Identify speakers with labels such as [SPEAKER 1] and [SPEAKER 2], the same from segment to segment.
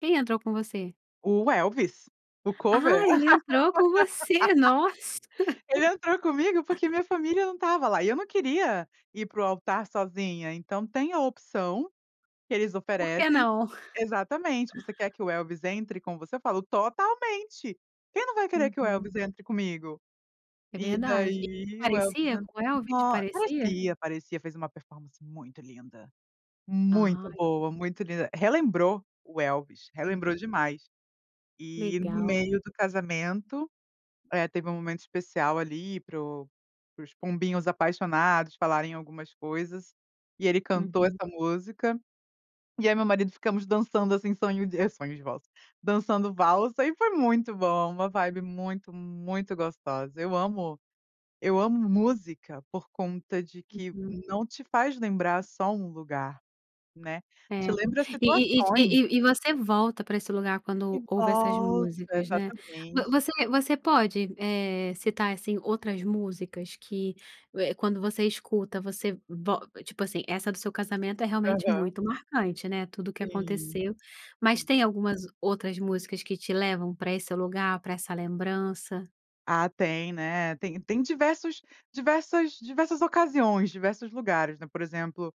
[SPEAKER 1] Quem entrou com você?
[SPEAKER 2] O Elvis, o cover.
[SPEAKER 1] Ah, ele entrou com você, nossa.
[SPEAKER 2] Ele entrou comigo porque minha família não estava lá e eu não queria ir para o altar sozinha. Então tem a opção que eles
[SPEAKER 1] Por que
[SPEAKER 2] oferecem
[SPEAKER 1] não?
[SPEAKER 2] exatamente: "Você quer que o Elvis entre como você?" Eu falo: "Totalmente. Quem não vai querer que o
[SPEAKER 1] Uhum.
[SPEAKER 2] Elvis entre comigo?"
[SPEAKER 1] É
[SPEAKER 2] E
[SPEAKER 1] verdade. E
[SPEAKER 2] daí o Elvis
[SPEAKER 1] parecia
[SPEAKER 2] en
[SPEAKER 1] com o Elvis,
[SPEAKER 2] nó
[SPEAKER 1] parecia?
[SPEAKER 2] parecia, parecia fez uma performance muito linda, muito
[SPEAKER 1] Ai.
[SPEAKER 2] boa, muito linda, relembrou o Elvis, relembrou
[SPEAKER 1] Uhum.
[SPEAKER 2] demais. E no
[SPEAKER 1] Legal.
[SPEAKER 2] meio do casamento, eh, teve um momento especial, ali, para o para os pombinhos apaixonados falarem algumas coisas, e ele cantou
[SPEAKER 1] Uhum.
[SPEAKER 2] essa música, e eu e meu marido ficamos dançando, assim, sonho de eh, sonho de valsa, dançando valsa e foi muito bom, uma vibe muito, muito gostosa. Eu amo eu amo música por conta de que
[SPEAKER 1] Uhum.
[SPEAKER 2] não te faz lembrar só um lugar, né, te
[SPEAKER 1] É.
[SPEAKER 2] lembra
[SPEAKER 1] E e e
[SPEAKER 2] situações.
[SPEAKER 1] e e você volta pra esse lugar
[SPEAKER 2] E
[SPEAKER 1] quando ouve essas
[SPEAKER 2] volta,
[SPEAKER 1] músicas, né. Vo
[SPEAKER 2] exatamente.
[SPEAKER 1] você você pode, eh, citar, assim, outras músicas que, eh, quando você escuta, você vol tipo assim, essa do seu casamento é realmente
[SPEAKER 2] Aham.
[SPEAKER 1] muito marcante, né, tudo que
[SPEAKER 2] Sim.
[SPEAKER 1] aconteceu. Mas
[SPEAKER 2] Sim.
[SPEAKER 1] tem algumas outras músicas que te levam pra esse lugar, pra essa lembrança?
[SPEAKER 2] Ah, tem, né, tem tem diversos diversas diversas ocasiões, diversos lugares, né, por exemplo,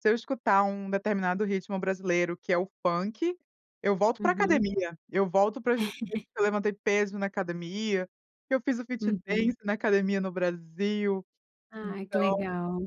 [SPEAKER 2] se eu escutar um determinado ritmo brasileiro, que é o funk, eu volto pra
[SPEAKER 1] Uhum.
[SPEAKER 2] academia, eu volto para as vezes que eu levantei peso na academia, que eu fiz o fit
[SPEAKER 1] Uhum.
[SPEAKER 2] dance na academia no Brasil,
[SPEAKER 1] Ai, que
[SPEAKER 2] então
[SPEAKER 1] legal.